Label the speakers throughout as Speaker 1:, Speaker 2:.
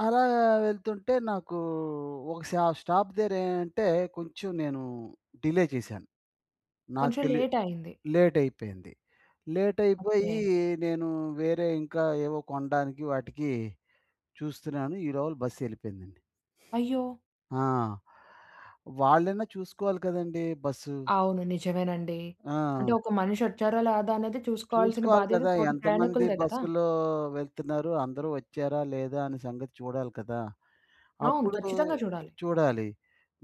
Speaker 1: అలా వెళ్తుంటే నాకు ఒక సా స్టాప్ దగ్గరేంటే కొంచెం నేను డిలే చేశాను. నాకు
Speaker 2: కొంచెం
Speaker 1: తెలి
Speaker 2: లేటయింది.
Speaker 1: లేటయిపోయింది. లేటయిపోయి
Speaker 2: ఓకే.
Speaker 1: నేను వేరే ఇంకా ఏవో కొనడానికి వాటికి చూస్తున్నాను. ఈ లోపల బస్ ఎళ్ళిపోయిందండి.
Speaker 2: అయ్యో!
Speaker 1: ఆ! వాళ్ళైనా చూసుకోవాలి కదండీ! బస్సు.
Speaker 2: అవును. నిజమేనండి. అంటే
Speaker 1: ఆ!
Speaker 2: ఒక మనిషొచ్చారో? లేదనేది చూసుకోవాల్సిన
Speaker 1: చూసుకోవాలి
Speaker 2: బాధ్యత
Speaker 1: కదా!
Speaker 2: తోటి
Speaker 1: ఎంతమంది
Speaker 2: ప్రయాణికులదే గదా!
Speaker 1: బస్సులో వెళ్తున్నారు? అందరూ వచ్చారా? లేదా? అనే సంగతి చూడాలి కదా!
Speaker 2: అవును.
Speaker 1: అప్పుడు
Speaker 2: ఖచ్చితంగా చూడాలి.
Speaker 1: చూడాలి.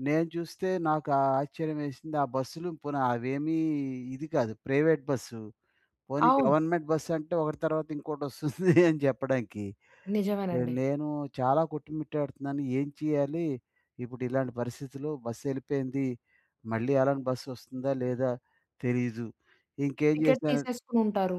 Speaker 1: నేను చూస్తే నాకా ఆశ్చర్యమేసింది. ఆ బస్సులు పోనీ అవేమీ ఇది కాదు. Private bus. పోనీ
Speaker 2: అవును.
Speaker 1: గవర్నమెంట్ బసంటే ఒకటి తర్వాత ఇంకోటొస్తుంది అని చెప్పడానికి. ఆహ్,
Speaker 2: నిజమేనండి.
Speaker 1: నేను చాలా కొట్టుమిట్టాడుతున్నాను. ఏం చేయాలి? ఇప్పుడిలాంటి పరిస్థితుల్లో బస్ యెళ్ళిపోయింది. మళ్ళీ అలాంటి బస్సొస్తుందా? లేదా? తెలీదు. ఇంకేం
Speaker 2: టికెట్
Speaker 1: చేశనన్
Speaker 2: తీసేసుకొనుంటారు.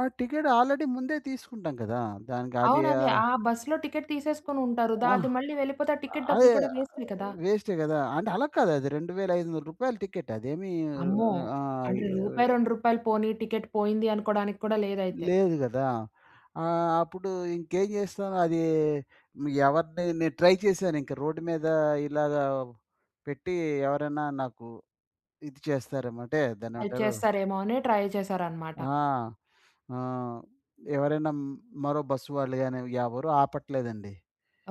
Speaker 1: ఆ! టికెట్ ఆల్రెడీ ముందే తీసుకుంటాం గదా! దానికి అది
Speaker 2: అవునదే.
Speaker 1: ఆహ్
Speaker 2: ఆ బస్సులో టికెట్ తీసేసుకొనుంటారు. దా
Speaker 1: అహ్,
Speaker 2: అది మళ్ళీ వెళ్ళిపోతే ఆ టికెట్
Speaker 1: అ అదే
Speaker 2: డబ్బులు కూడా వేస్టే కదా!
Speaker 1: వేస్టే గదా! అంటే అలా కాదది 2500 రూపాయల టికెట్ అదేమి
Speaker 2: అమ్మో!
Speaker 1: ఆహ్,
Speaker 2: అంటే
Speaker 1: ఈహ్
Speaker 2: రూపాయి, 2 రూపాయలు పోనీ టికెట్ పోయింది అనుకోవడానికి కూడా లేదైతే!
Speaker 1: లేదు గదా! ఆహ్, అప్పుడు ఇంకేం చేస్తాను. అది మీ ఎవరిని నేను ట్రై చేశాను. ఇంకా రోడ్ మీద ఇలాగ పెట్టి ఎవరైనా నాకు ఇది చేస్తారేమో అంటే
Speaker 2: హెల్ప్
Speaker 1: దాన్నేమంటారు?
Speaker 2: చేస్తారేమో అని ట్రై చేశారనమాట.
Speaker 1: ఆ! ఆ! ఎవరైనా హ్మ్, మరో బస్ వాళ్ళు గాని ఎవరూ ఆపట్లేదండి.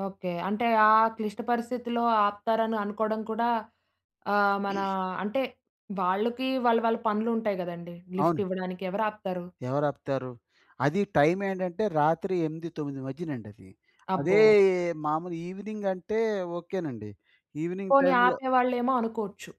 Speaker 2: ఓకే. అంటే ఆ క్లిష్ట పరిస్థితిలో ఆపుతారని అనుకోవడం కూడా ఆహ్, మన అంటే వాళ్ళకి వాళ్ళ వాళ్ళ పనులుంటాయి గదండీ! లిఫ్ట్
Speaker 1: అవును.
Speaker 2: ఇవ్వడానికి ఎవరాపుతారు?
Speaker 1: ఎవరాపుతారు? అది టైమేంటంటే రాత్రి 8, 9 మధ్యనండది. అదే
Speaker 2: అబ్బో!
Speaker 1: మామూలు ఈవెనింగ్ అంటే ఓకే నండి. ఈవెనింగ్
Speaker 2: పోని
Speaker 1: టైమ్‌లో
Speaker 2: ఆపేవాళ్ళేమో అనుకోవచ్చు.